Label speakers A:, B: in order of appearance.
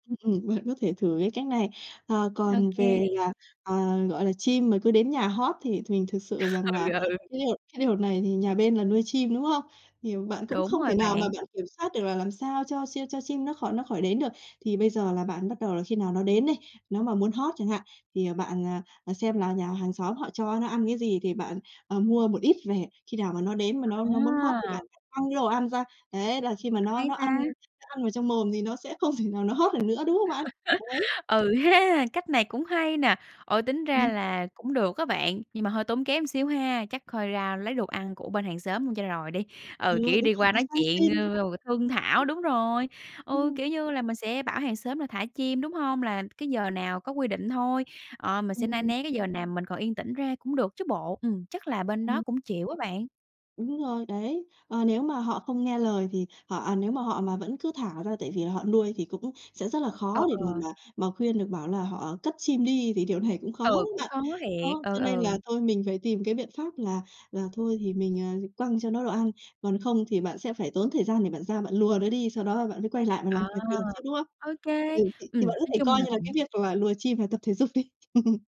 A: Ừm, ừm, bạn có thể thử cái cách này. Ờ,
B: Ô
A: còn
B: kê.
A: về là, ờ, gọi là, chim mà cứ đến nhà hót thì thường thực sự rằng là
B: Ừ, ừ.
A: cái điều cái điều này thì nhà bên này nuôi chim, đúng không? Thì bạn cũng
B: Đúng
A: không
B: rồi
A: thể nào mà
B: bạn.
A: bạn kiểm soát được là làm sao cho chim cho chim nó khỏi nó khỏi đến được. Thì bây giờ là bạn bắt đầu là khi nào nó đến đây, nó mà muốn hót chẳng hạn, thì, ờ, bạn, ờ, xem là nhà hàng xóm họ cho nó ăn cái gì thì bạn, ờ, mua một ít về. Khi nào mà nó đến mà nó nó muốn hót thì
B: À!
A: bạn quăng cái đồ ăn ra. Đấy, là khi mà nó
B: Hay
A: nó ăn
B: ta!
A: nó ăn vào trong mồm thì nó sẽ không thể nào nó hót được nữa, đúng không bạn? Đấy.
B: Ừ ha, cách này cũng hay nè, ừ, tính ra
A: Ừm.
B: là cũng được á bạn, nhưng mà hơi tốn kém xíu ha, chắc coi ra lấy đồ ăn của bên hàng xóm luôn cho rồi đi.
A: Ừ,
B: Ừ, kiểu,
A: đúng
B: đi
A: rồi,
B: qua
A: là
B: nói
A: sang
B: chuyện r
A: xin, đúng
B: r rồi thương thảo,
A: không?
B: đúng rồi, ừ,
A: Ừm.
B: kiểu như là, mình sẽ bảo hàng xóm là thả chim, đúng hông? Là cái giờ nào có quy định thôi, ờ, mình
A: Ừm,
B: sẽ ne
A: ừm.
B: né cái giờ nào mình còn yên tĩnh ra cũng được chứ bộ. Ừm, chắc là bên đó
A: Ừm.
B: cũng chịu á bạn.
A: Đúng rồi, đấy. Ờ, nếu mà họ không nghe lời thì họ, à nếu mà họ mà vẫn cứ thả ra tại vì là họ nuôi thì cũng sẽ rất là khó
B: Ờ,
A: để mà
B: ờ.
A: mà mà khuyên được, bảo là họ cất chim đi thì điều này cũng khó lắm
B: Ừ, cũng
A: bạn,.
B: khó thiệt.
A: Đó,
B: Ừ,
A: cho nên là
B: ừ.
A: thôi mình phải tìm cái biện pháp là là thôi thì mình, ờ, quăng cho nó đồ ăn, còn không thì bạn sẽ phải tốn thời gian để bạn ra bạn lùa nó đi, sau đó bạn mới quay lại và làm
B: Ờ,
A: việc được chứ, đúng không?
B: ô kê,
A: Ừ, thì
B: ừm,
A: thì bạn có
B: nói
A: thể
B: chung
A: coi
B: là
A: như là cái
B: cũng
A: việc là lùa chim là tập thể dục đi.